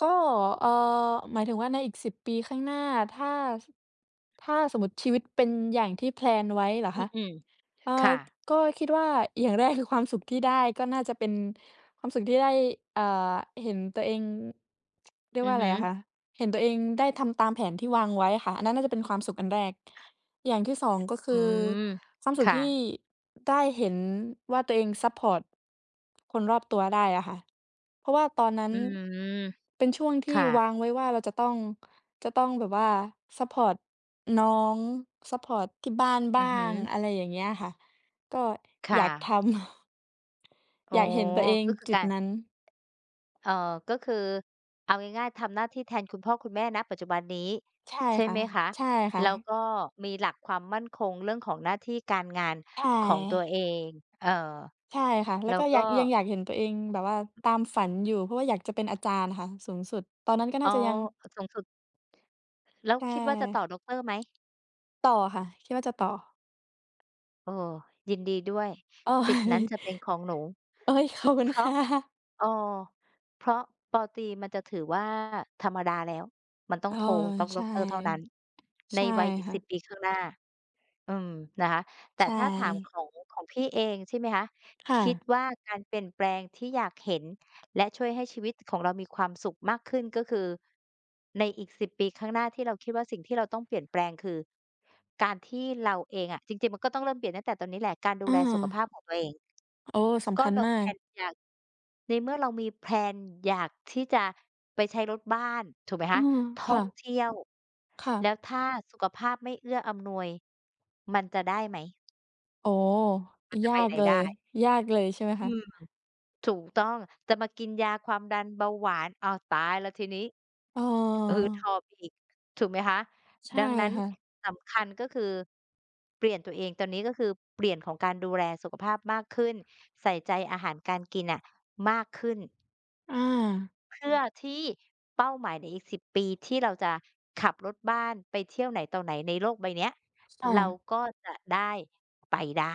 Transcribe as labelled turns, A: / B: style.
A: ก็ เอ่อ หมายถึงว่าในอีก 10 ปีข้างหน้า ถ้า ถ้าสมมุติชีวิตเป็นอย่างที่ แพลน ไว้เหรอ
B: อ
A: คะ
B: ือ
A: อ่า
B: ๆ ค่ะ
A: ก็คิดว่า อย่างแรก คือความสุขที่ได้ ก็น่าจะเป็นความสุขที่ได้ อ่า เห็นตัวเอง เรีย
B: อ
A: ก
B: ื
A: ว่
B: อ
A: า อ
B: ฮ
A: ะไ
B: ึ
A: รอะคะ เห็นตัวเองได้ทำตามแผนที่วางไว้อะค่ะ อันนั้นน่าจะเป็นความสุขอันแรก อย่างที่ 2 ก็ค
B: อื
A: ือ
B: ม
A: ความส
B: ค
A: ุข
B: ่ะ
A: ที่ได้เห็นว่า ตัวเองซัปพอร์ตคนรอบตัวได้อะค่ะ เพราะว่าตอนนั้
B: อ
A: น
B: ืม
A: เป็นช่วงท
B: ค
A: ี่
B: ่
A: ว
B: ะ
A: างไว้ว่า เราจะต้อง จะต้องแบบว่าซัปพอร์ตน้อง ซัปพอร์ตที่บ้าน
B: อ
A: บ้
B: ื
A: า
B: อฮ
A: ง
B: ึ
A: อะไรอย่างเงี้ยค่ะ ก็
B: ค่
A: อยากทำ
B: ะ อ๋
A: อ
B: อ
A: ยากเห็นตัวเอง
B: ก็คือ
A: จุ
B: ก
A: ด
B: าร
A: นั้น
B: เอ่อ ก็คือ เอาง่าย ๆ ทำหน้าที่แทนคุณพ่อคุณแม่ ณ ปัจจุบันนี้
A: ใช่
B: ใช่
A: ค่
B: ไ
A: ะ
B: หมคะ?
A: ใช่ค่
B: แล้ว
A: ะ
B: ก็มีหลักความมั่นคงเรื่องของหน้าที่การงาน
A: ใช
B: ของตัวเ
A: ่
B: อง เอ่อ
A: ใช่ค่ะ แล
B: แ
A: ้
B: ล
A: ว
B: ้
A: ก
B: ว
A: ็
B: ก
A: ยั
B: ็
A: ง ยังอยากเห็นตัวเองแบบว่าตามฝันอยู่ เพราะว่าอยากจะเป็นอาจารย์น่ะค่ะสูงสุด ตอนนั้นก็น
B: อ๋
A: ่า
B: อ
A: จะยัง
B: สูงสุด แล้ว
A: ใช่
B: คิดว่าจะต่อดอกเตอร์ไหม?
A: ต่อค่ะ คิดว่าจะต่อ
B: เออ ยินดีด้วย
A: โอ้
B: สิทธิ์น
A: ย
B: ั้นจะเป็นของหนู
A: โอ๊ย ขอบคุ
B: เพ
A: ณ
B: รา
A: ค
B: ะ
A: ่ะ
B: เอ่อ เพราะ ป.ตรีมันจะถือว่าธรรมดาแล้ว มันต้อ
A: อ
B: ง
A: ้อ
B: โท ต้อง
A: ใ
B: ด
A: ช
B: อ
A: ่
B: กเตอร์เท่านั้น ใน
A: ใช่
B: วัยอีก
A: ค่
B: 10
A: ะ
B: ปีข้างหน้า อืม นะคะ แต่
A: ใช
B: ถ้าถามข
A: ่
B: อง ของพี่เอง ใช่ไหมคะ
A: ค่
B: คิด
A: ะ
B: ว่าการเปลี่ยนแปลงที่อยากเห็น และช่วยให้ชีวิตของเรามีความสุขมากขึ้น ก็คือในอีก 10 ปีข้างหน้า ที่เราคิดว่าสิ่งที่เราต้องเปลี่ยนแปลง คือการที่เราเองอะ จริง ๆ มันก็ต้องเริ่มเปลี่ยนตั้งแต่ตอนนี้แหละ การดู
A: อา
B: แลสุขภาพของตัวเอง
A: โอ้ ส
B: ก
A: ำ
B: ็
A: คัญ
B: เรา
A: ม
B: แ
A: า
B: พล
A: ก
B: นอยาก ในเมื่อเรามีแพลนอยากที่จะไปใช้รถบ้าน ถูกไหม
A: อื
B: คะ
A: อ
B: ท
A: ค
B: ่อ
A: ่
B: ง
A: ะ
B: เที่ยว
A: ค่
B: แล
A: ะ
B: ้วถ้าสุขภาพไม่เอื้ออำนวยมันจะได้ไหม?
A: โอ้
B: มันจะ
A: ย
B: ไป
A: า
B: ไห
A: ก
B: น
A: เล
B: ได
A: ย
B: ้
A: ยากเลยใช่ไหม
B: อื
A: คะ?
B: ม ถูกต้องจะมากินยาความดันเบาหวาน อ้าว ตายแล้วทีนี้ หืดหอ
A: เออ
B: บอีก ถูกไหมคะ
A: ใช่
B: ดังนั้น
A: ค่ะ
B: สำคัญ ก็คือเปลี่ยนตัวเองตอนนี้ ก็คือเปลี่ยนของการดูแลสุขภาพมากขึ้น ใส่ใจอาหารการกินน่ะมากขึ้น
A: อา
B: เพื่อที่เป้าหมายในอีก 10 ปี ที่เราจะขับรถบ้านไปเที่ยวไหนต่อไหนในโลกใบเนี้ย
A: ค่
B: เรา
A: ะ
B: ก็จะได้ไปได้